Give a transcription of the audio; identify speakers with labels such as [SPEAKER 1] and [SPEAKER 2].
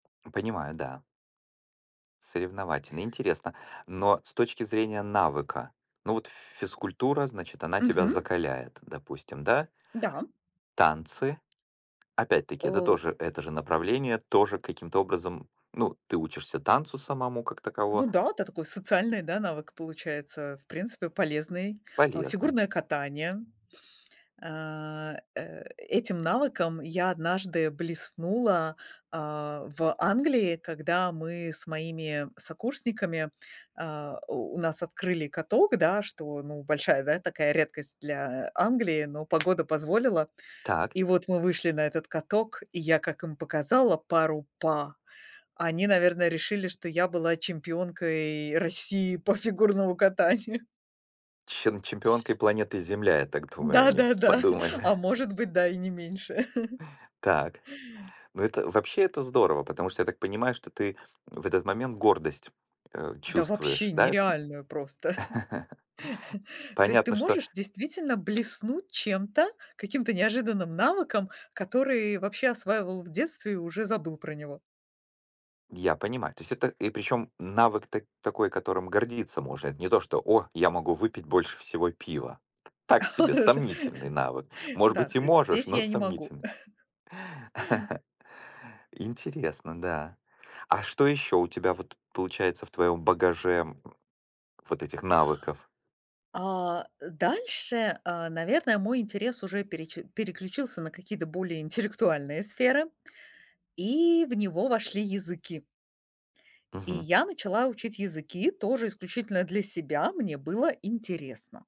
[SPEAKER 1] Понимаю, да. Соревновательно, интересно. Но с точки зрения навыка, ну, вот ф физкультура, значит, она тебя
[SPEAKER 2] Мгм.
[SPEAKER 1] закаляет, допустим, да?
[SPEAKER 2] Да.
[SPEAKER 1] Танцы опять-таки, это
[SPEAKER 2] О
[SPEAKER 1] тоже, это же направление, тоже каким-то образом, ну, ты учишься танцу самому как
[SPEAKER 2] Ну
[SPEAKER 1] таково.
[SPEAKER 2] да, это такой социальный, да, навык получается, в принципе полезный. А,
[SPEAKER 1] Полезны.
[SPEAKER 2] фигурное катание. А, э, этим навыком я однажды блеснула, а, в Англии, когда мы с моими сокурсниками, э, у нас открыли каток, да, что, ну, большая, да, такая редкость для Англии, но погода позволила.
[SPEAKER 1] Так.
[SPEAKER 2] И вот мы вышли на этот каток, и я как им показала пару па, они, наверное, решили, что я была чемпионкой России по фигурному катанию.
[SPEAKER 1] Чем чемпионкой планеты Земля, я так думаю, они
[SPEAKER 2] Да-да-да,
[SPEAKER 1] подумали.
[SPEAKER 2] а может быть, да и не меньше.
[SPEAKER 1] Так. Ну, это вообще, это здорово, потому что, я так понимаю, что ты в этот момент гордость, э,
[SPEAKER 2] Да
[SPEAKER 1] чувствуешь,
[SPEAKER 2] вообще
[SPEAKER 1] да, это?
[SPEAKER 2] нереальная просто. То есть ты
[SPEAKER 1] Понятно, что
[SPEAKER 2] можешь действительно блеснуть чем-то, каким-то неожиданным навыком, который вообще осваивал в детстве и уже забыл про него.
[SPEAKER 1] Я понимаю. То есть это, и причём, навык так такой, которым гордиться можно, это не то, что: "О, я могу выпить больше всего пива". Так себе сомнительный навык. Может
[SPEAKER 2] Да,
[SPEAKER 1] быть, и можешь,
[SPEAKER 2] здесь
[SPEAKER 1] но
[SPEAKER 2] я не могу.
[SPEAKER 1] сомнительный. Интересно, да. А что ещё у тебя вот, получается, в твоём багаже, м, вот этих навыков?
[SPEAKER 2] А, э, дальше, а, наверное, мой интерес уже переч переключился на какие-то более интеллектуальные сферы, и в него вошли языки. И
[SPEAKER 1] Мгм.
[SPEAKER 2] я начала учить языки тоже исключительно для себя. Мне было интересно.